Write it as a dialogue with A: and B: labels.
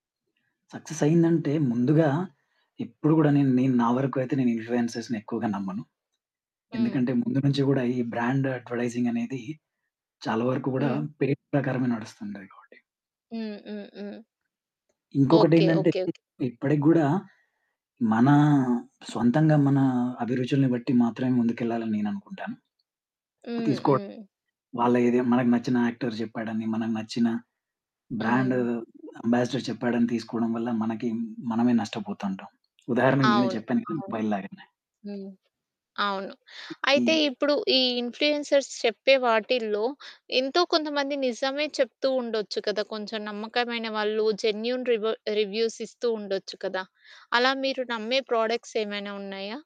A: Success అయిందంటే, ముందుగా ఇప్పుడు గూడా నేన్ నేను నా వరకు అయితే, నేను ఇన్ఫ్లుయెన్సర్స్‌ని ఎక్కువగా నమ్మను. ఎందుకంటే,
B: హ్మ్.
A: ముందు నుంచి గూడా, ఈ బ్రాండ్ అడ్వర్టైజింగ్ అనేది, చాలా వరకు గూడా
B: హ్మ్.
A: పేరు ప్రకారమే నడుస్తుం‌టయి కాబట్టి.
B: హ్మ్. హ్మ్. హ్మ్. ఓకే.
A: ఇంకొకటేంటంటే,
B: ఓకే. ఓకే.
A: ఇ ఇప్పటి‌కి గూడా మన సొంతంగా, మన అభిరుచుల్ని బట్టి మాత్రమే ముందుకెళ్ళాలని నేను అనుకుంటాను.
B: హ్మ్.
A: తీసుకోవడం.
B: హ్మ్.
A: వాళ్ళ ఏదే మనకు నచ్చిన యాక్టర్ జెప్పాడని, మనకు నచ్చిన బ్రాండు
B: హ్మ్.
A: అంబాసిడర్ చెప్పాడని, తీసుకోవడం వల్ల మనకి మనమే నష్టపోతాంటాం. ఉదాహరణకు నేనే
B: అవును.
A: చెప్పాను కాని
B: అవును.
A: మొబైల్ లాగానే.
B: హ్మ్. అవును.
A: ఇ
B: అయితే
A: ఈ
B: ఇప్పుడు, ఈ ఇన్‌ఫ్లుయెన్సర్స్ చెప్పే వాటిలో, ఎంతో కొంతమంది నిజమే చెప్తూ ఉండొచ్చు కదా! కొంచెం నమ్మకమైన వాళ్ళు జెన్యూన్ రివా రివ్యూస్ ఇస్తూ ఉండొచ్చు కదా! అలా మీరు నమ్మే ప్రొడక్ట్స్ ఏమైనా ఉన్నాయా?